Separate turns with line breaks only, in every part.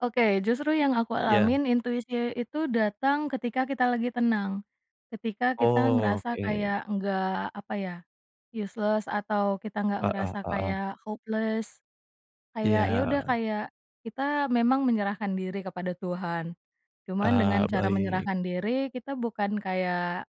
Oke justru yang aku
Ya.
alamin intuisi itu datang ketika kita lagi tenang, ketika kita
Oh
ngerasa
oke.
kayak enggak apa ya, useless atau kita enggak
Heeh
ngerasa
heeh.
kayak hopeless,
Iya,
kayak ya udah
heeh.
kayak kita memang menyerahkan diri kepada Tuhan, cuman dengan
Eee,
cara
baik.
menyerahkan diri kita bukan kayak,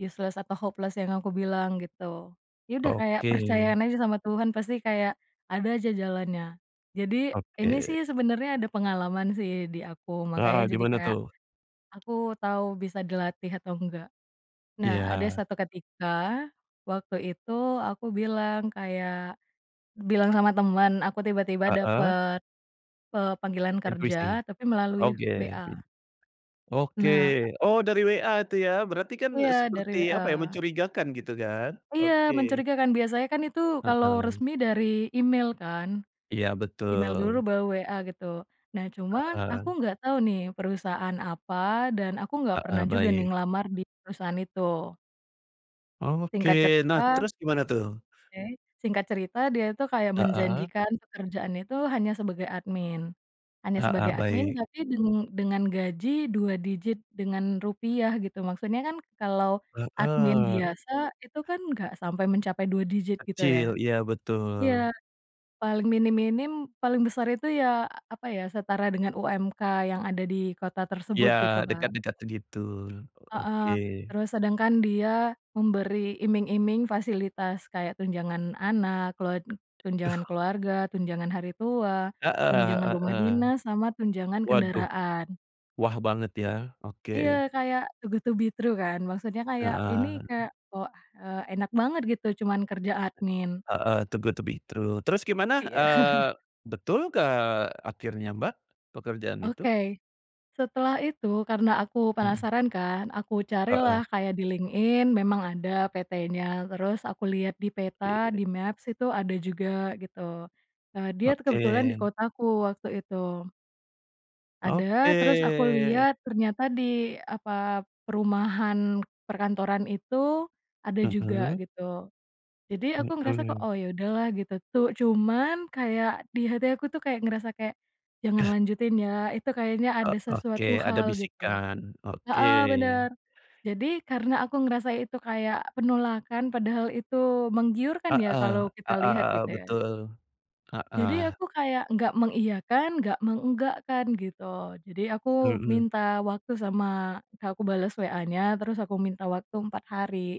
useless atau hopeless yang aku bilang gitu, ya udah kayak
Oke.
percayaan aja sama Tuhan pasti kayak ada aja jalannya jadi ini
Oke.
sih sebenarnya ada pengalaman sih di aku
Nah
makanya jadi
dimana
kayak,
tuh?
aku tau bisa dilatih atau enggak, nah ada
Iya.
satu ketika waktu itu aku bilang kayak, bilang sama teman aku tiba-tiba
Heeh.
dapet, eee, panggilan
Intuisi,
kerja tapi melalui
oke bin
WhatsApp.
oke
Nah.
oh dari WhatsApp itu ya berarti kan
Iya dari
seperti apa ya
WhatsApp.
mencurigakan gitu kan
Iya
oke.
mencurigakan biasanya kan itu kalau
Heeh.
resmi dari Email kan,
Iya
Email dulu
betul.
baru WhatsApp gitu nah cuman aku
Heeh.
nggak tahu nih perusahaan apa dan aku nggak
Heeh,
pernah juga nih
baik.
ngelamar di perusahaan itu.
Oke
Singkat
nah
cerita
terus gimana tuh?
Oke singkat cerita dia itu kayak
Heeh.
menjanjikan pekerjaan itu hanya sebagai admin hanya
Heeh,
sebagai admin
baik.
tapi deng dengan gaji 2 digit dengan rupiah gitu maksudnya kan kalau admin
Heeh.
biasa itu kan enggak sampai mencapai 2 digit gitu ya,
Kecil iya
iya,
betul.
paling minim-minim paling besar itu ya apa ya setara dengan UMK yang ada di kota tersebut gitu
Ya
kan.
dekat-dekat gitu oke.
Heeh, terus sedangkan dia memberi iming-iming fasilitas kayak tunjangan anak kelua tunjangan
Duh.
keluarga, tunjangan hari tua,
Heeh
tunjangan
heeh
rumah
heeh,
dinas sama tunjangan
waduh,
kendaraan.
wah banget ya oke.
Iya kayak too good to be true kan maksudnya kayak ini
Heeh.
kayak wah, eee, enak banget gitu cuman kerja admin.
Heeh, too good to be true terus gimana,
Iya.
eee, betul gak akhirnya Mbak, pekerjaan itu?
Oke, setelah itu karena aku
Mhm.
penasaran kan aku
Heeh.
carilah kayak di LinkedIn memang ada PTnya terus aku lihat di peta
[unintelligible]
di-Maps itu ada juga gitu, eee, dia kebetulan di
Oke.
kotaku waktu itu.
Oke.
Ada terus aku lihat ternyata di apa perumahan perkantoran itu ada juga
Mhm.
gitu, jadi aku ngerasa kok
Mhm.
oh ya udahlah gitu tuh cuman kayak di hati aku tuh kayak ngerasa kayak, jangan lanjutin ya itu kayaknya
Oh
ada
oke
sesuatu
ada
hal gitu,
bisikan, oke.
heeh, bener jadi karena aku ngerasa itu kayak penolakan padahal itu menggiurkan
Heeh
ya
heeh
kalau kita lihat
heeh,
gitu ya.
betul,
Jadi
heeh.
aku kayak enggak mengiyakan enggak mengenggakkan gitu jadi aku
Mhm.
minta waktu sama aku bales WhatsAppnya terus aku minta waktu 4 hari.